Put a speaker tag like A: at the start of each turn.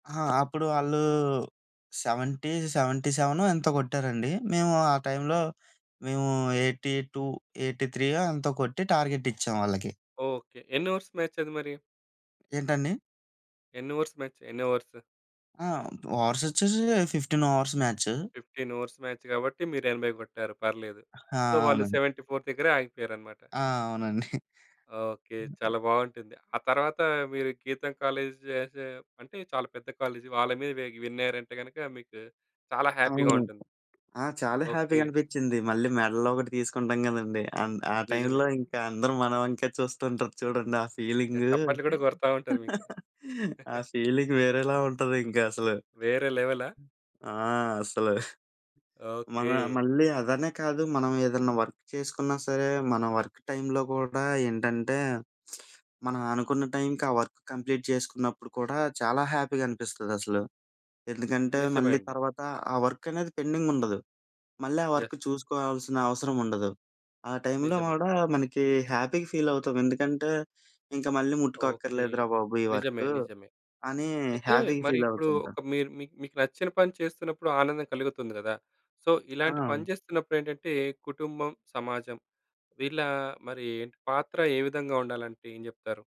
A: ఆ! అప్పుడు ఆళ్ళు 70 సెవెంటీ సెవెనో ఎంతో కొట్టారండి. మేము ఆ టైంలో మేము 82 ఎయిటీ త్రీయో ఎంతో కొట్టి, టార్గెట్ ఇచ్చాం వాళ్ళకి.
B: ఓకె. ఎన్ని ఓవర్స్ మాచ్ అది మరి?
A: ఏంటండి?
B: ఎన్ని ఓవర్స్ మ్యాచ్? ఎన్ని ఓవర్స్?
A: ఆ! ఓవర్స్ వచ్చేసి 15 ఓవర్స్ మ్యాచ్.
B: 15 ఓవర్స్ మ్యాచ్ కాబట్టి, మీరు 80 కొట్టారు. పర్లేదు.
A: ఆ!
B: సో, వాళ్ళు
A: అవును.
B: 74 దగ్గరే ఆగిపోయారన్నమాట.
A: ఆ! అవునండి.
B: ఓకె. చాలా బాగుంటుంది. ఆ తర్వాత, మీరు గీతం కాలేజ్ చేసే అంటే చాలా పెద్ద కాలేజ్ వాళ్ళ మీద వెగ్ విన్నారంటే గనక, మీకు చాలా హ్యాపీగా
A: అవును.
B: ఉంటుంది.
A: ఆ! చాలా హ్యాపీగా
B: ఓకె.
A: అనిపించింది. మళ్ళీ మెడలోకటి తీసుకుంటాం కదండీ. అండ్ ఆ
B: నిజమే.
A: టైంలో, ఇంకా అందరు మన వంక చూస్తుంటారు చూడండి ఆ
B: ఇగ
A: ఫీలింగు.
B: చప్పట్లు కూడా కొడతావుంటారు మీకు.
A: ఆ ఫీలింగ్ వేరేలా ఉంటది ఇంకా అసలు.
B: వేరే లెవెలా?
A: ఆ! అసలు. మనం
B: ఓకె.
A: మళ్ళీ అదనే కాదు, మనం ఏదన్నా వర్క్ చేసుకున్నా సరే, మన వర్క్ టైమ్‌లో కూడా ఏంటంటే, మనం అనుకున్న టైంకి ఆ వర్క్ కంప్లీట్ చేసుకున్నప్పుడు కూడా, చాలా హ్యాపీగా అనిపిస్తుంది అసలు. ఎందుకంటే,
B: నిజమే
A: మళ్ళీ
B: అండి.
A: తర్వాత ఆ వర్క్ అనేది పెండింగుండదు. మళ్ళీ ఆ
B: యెస్.
A: వర్క్ చూసుకోవాల్సిన అవసరం ఉండదు, ఆ టైంలో
B: నిజమే.
A: కూడా మనకి హ్యాపీగా ఫీలవుతాం ఎందుకంటే, ఇంక మళ్ళీ
B: ఓకె.
A: ముట్టుకోక్కర్లేదురా బాబు ఈ
B: నిజమే,
A: వర్కు,
B: నిజమే.
A: అని
B: అయితే
A: హ్యాపీగా
B: మరి ఇప్పుడు,
A: ఫీలవుతుంటాం.
B: ఒక మీరు మీక్ మీకు నచ్చిన పని చేస్తున్నప్పుడు ఆనందం కలుగుతుంది గదా! సో,
A: ఆ!
B: ఇలాంటి పని
A: అవును.
B: చేస్తున్నప్పుడు ఏంటంటే కుటుంబం, సమాజం వీళ్ళ మరి ఏంటి పాత్ర ఏ విధంగా ఉండాలంటే ఏం చెప్తారు?